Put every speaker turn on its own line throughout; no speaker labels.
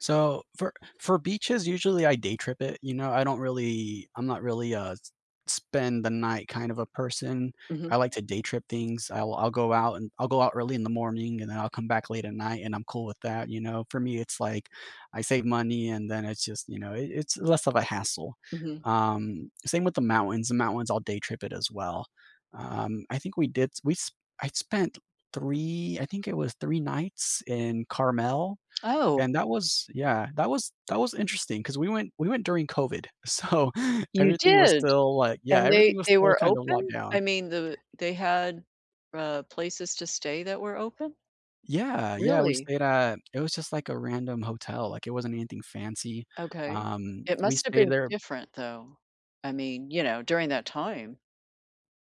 So, for for beaches, usually, I day trip it, you know, I don't really I'm not really a s spend the night kind of a person,
Mhm.
I like to day trip things, I'll I'll go out and I'll go out early in the morning, and then I'll come back late at night, and I'm cool with that, you know, for me, it's like I save money and then it's just, you know, it it's less of a hassle,
Mhm.
um, same with the mountains, the mountains I'll day trip it as well. Um, I think we did s we s I spent 3 I think it was 3 nights in Carmel
Oh.
and that was Yeah, that was that was interesting 'cause we went we went during COVID, so
You
everything was
did,
still, like Yeah,
and they
everything was
they
still
were
kinda locked
open,
down.
I mean, the they had, uh, places to stay that were open?
Yeah, yeah, we
Really?
stayed at it was just like a random hotel, like, it wasn't anything fancy,
Okay.
um,
It
we
must have
stayed
been
there
different, though. I mean, you know, during
Ye
that time.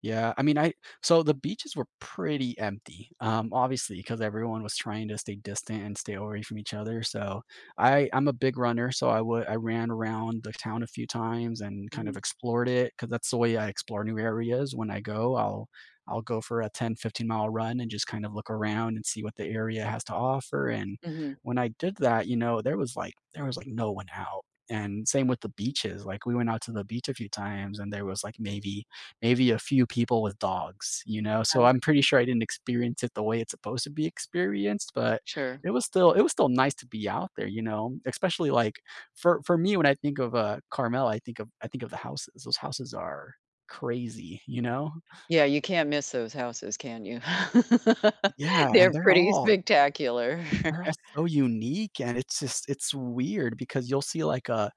Yeah, I mean, I so the beaches were pretty empty, um, obviously, 'cause everyone was trying to stay distant and stay away from each other, so I I'm a big runner, so I would I ran around the town a few times and kind of
Mhm.
explored it 'cause that's the way I explore new areas, when I go, I'll I'll go for a 10, fifteen-mile run and just kind of look around and see what the area has to offer and
Mhm.
when I did that, you know, there was like there was, like, no one out and same with the beaches, like, we went out to the beach a few times and there was like maybe maybe a few people with dogs, you know, so I'm
Okay.
pretty sure I didn't experience it the way it's supposed to be experienced, but
Sure.
it was still it was still nice to be out there, you know, especially like for for me, when I think of, uh, Carmel, I think of I think of the houses, those houses are crazy, you know?
Yeah, you can't miss those houses, can you?
Yeah, and
They're
they're
pretty
all
spectacular.
they're all so unique, and it's just it's weird because you'll see, like, a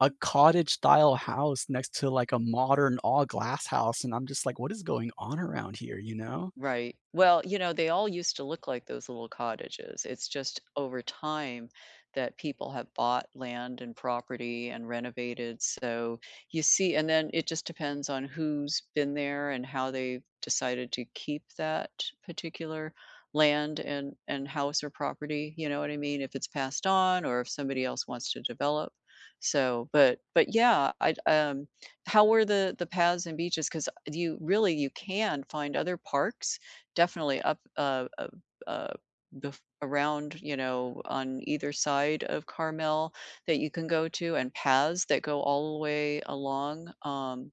a cottage style house next to, like, a modern, all glass house, and I'm just, like, "What is going on around here," you know?
Right, well, you know, they all used to look like those little cottages, it's just over time that people have bought land and property and renovated, so you see and then it just depends on who's been there, and how they've decided to keep that particular land, and and house or property, you know what I mean, if it's passed on or if somebody else wants to develop. So, but but yeah, I'd um, how were the the paths and beaches, 'cause, uh do you really you can find other parks definitely up uh uh uh, bef around, you know, on either side of Carmel that you can go to and paths that go all the way along, um,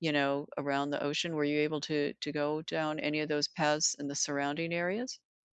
you know, around the ocean, were you able to to go down any of those paths in the surrounding areas?